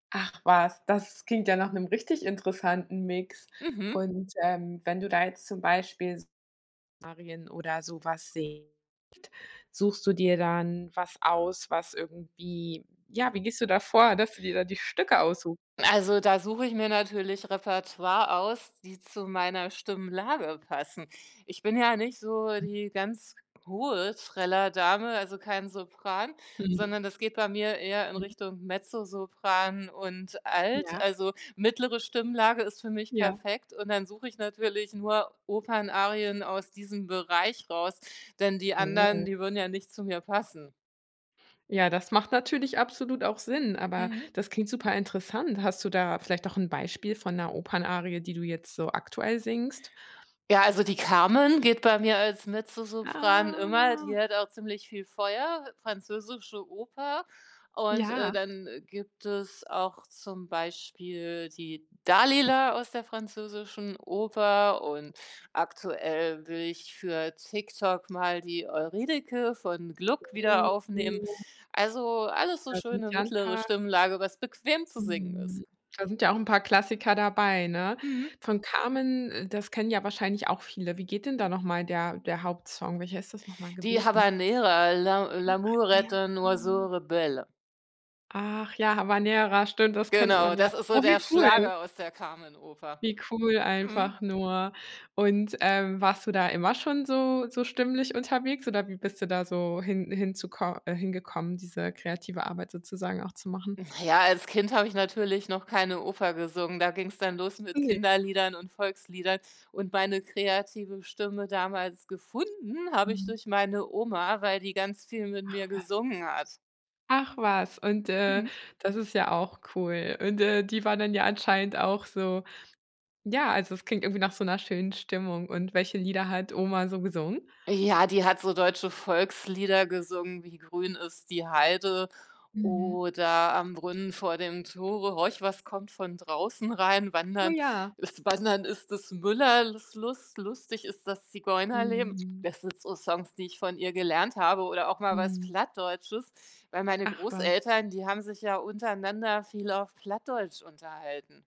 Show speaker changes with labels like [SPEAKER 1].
[SPEAKER 1] Ach was, das klingt ja nach 'nem richtig interessanten Mix.
[SPEAKER 2] Mhm.
[SPEAKER 1] Und, ähm, wenn du da jetzt zum Beispiel Szenarien oder so was si [unintelligible] suchst du dir dann was aus, was irgendwie ja, wie gehst du da vor, dass du dir da die Stücke aussu
[SPEAKER 2] Also, da suche ich mir natürlich Repertoire aus, die zu meiner Stimmlage passen. Ich bin ja nicht so die ganz hohe Trällerdame, also, kein Sopran, sondern das geht bei mir eher in
[SPEAKER 1] Mhm.
[SPEAKER 2] Richtung Mezzosopran und Alt,
[SPEAKER 1] Ja.
[SPEAKER 2] also, mittlere Stimmlage ist für mich
[SPEAKER 1] Ja.
[SPEAKER 2] perfekt und dann suche ich natürlich nur Opernarien aus diesem Bereich raus, denn die anderen,
[SPEAKER 1] Oh.
[SPEAKER 2] die würden ja nicht zu mir passen.
[SPEAKER 1] Ja, das macht natürlich absolut auch Sinn, aber
[SPEAKER 2] Mhm.
[SPEAKER 1] das klingt super interessant. Hast du da vielleicht auch 'n Beispiel von 'ner Opernarie, die du jetzt so aktuell singst?
[SPEAKER 2] Ja, also, die Carmen geht bei mir als Mezzosopran immer,
[SPEAKER 1] Ah.
[SPEAKER 2] die hat auch ziemlich viel Feuer, französische Oper und, äh,
[SPEAKER 1] Ja.
[SPEAKER 2] dann gibt es auch zum Beispiel die Dalila aus der französischen Oper und aktuell will ich für TikTok mal die Euridice von Gluck wieder aufnehmen.
[SPEAKER 1] Oh.
[SPEAKER 2] Also, alles so
[SPEAKER 1] Da sind
[SPEAKER 2] schöne
[SPEAKER 1] ja 'n
[SPEAKER 2] mittlere
[SPEAKER 1] paar
[SPEAKER 2] Stimmlage, was bequem zu singen ist.
[SPEAKER 1] Mhm. Da sind ja auch 'n paar Klassiker dabei, ne?
[SPEAKER 2] Mhm.
[SPEAKER 1] Von Carmen äh, das kennen ja wahrscheinlich auch viele. Wie geht denn da noch mal der der Hauptsong? Welcher ist das noch mal
[SPEAKER 2] Die
[SPEAKER 1] gewesen?
[SPEAKER 2] Habanera, L'a
[SPEAKER 1] Ja,
[SPEAKER 2] l'amour
[SPEAKER 1] ja,
[SPEAKER 2] est un oiseau
[SPEAKER 1] genau.
[SPEAKER 2] rebelle.
[SPEAKER 1] Ach, ja, Habanera, stimmt, das kennt
[SPEAKER 2] Genau,
[SPEAKER 1] man ja.
[SPEAKER 2] das ist so
[SPEAKER 1] Oh,
[SPEAKER 2] der
[SPEAKER 1] wie cool.
[SPEAKER 2] Schlager aus der Carmen-Oper,
[SPEAKER 1] Wie cool
[SPEAKER 2] mhm.
[SPEAKER 1] einfach nur. Und, ähm, warst du da immer schon so so stimmlich unterwegs oder wie bist du da so hin hinzuko äh, hingekommen, diese, äh, kreative Arbeit sozusagen auch zu machen?
[SPEAKER 2] Na ja, als Kind habe ich natürlich noch keine Oper gesungen, da ging's dann los mit
[SPEAKER 1] Ne.
[SPEAKER 2] Kinderliedern und Volksliedern und meine kreative Stimme damals gefunden habe ich
[SPEAKER 1] Mhm.
[SPEAKER 2] durch meine Oma, weil die ganz viel mit
[SPEAKER 1] Ach,
[SPEAKER 2] mir
[SPEAKER 1] wa
[SPEAKER 2] gesungen hat.
[SPEAKER 1] Ach was, und, äh,
[SPEAKER 2] Mhm.
[SPEAKER 1] das ist ja auch cool. Und, äh, die waren dann ja anscheinend auch so ja, also, es klingt irgendwie nach so 'ner schönen Stimmung und welche Lieder hat Oma so gesungen?
[SPEAKER 2] Ja, die hat so deutsche Volkslieder gesungen wie „Grün ist die Heide“
[SPEAKER 1] Mhm.
[SPEAKER 2] oder „Am Brunnen vor dem Tore“, „Horch, was kommt von draußen rein“,
[SPEAKER 1] Oh
[SPEAKER 2] „Wandern
[SPEAKER 1] ja.
[SPEAKER 2] ist Des wandern ist des Müller Lus Lust“, „Lustig ist das Zigeunerleben“.
[SPEAKER 1] Mhm.
[SPEAKER 2] Das sind so Songs, die ich von ihr gelernt habe oder auch mal was
[SPEAKER 1] Mhm.
[SPEAKER 2] Plattdeutsches, weil meine
[SPEAKER 1] Ach was.
[SPEAKER 2] Großeltern, die haben sich ja untereinander viel auf Plattdeutsch unterhalten.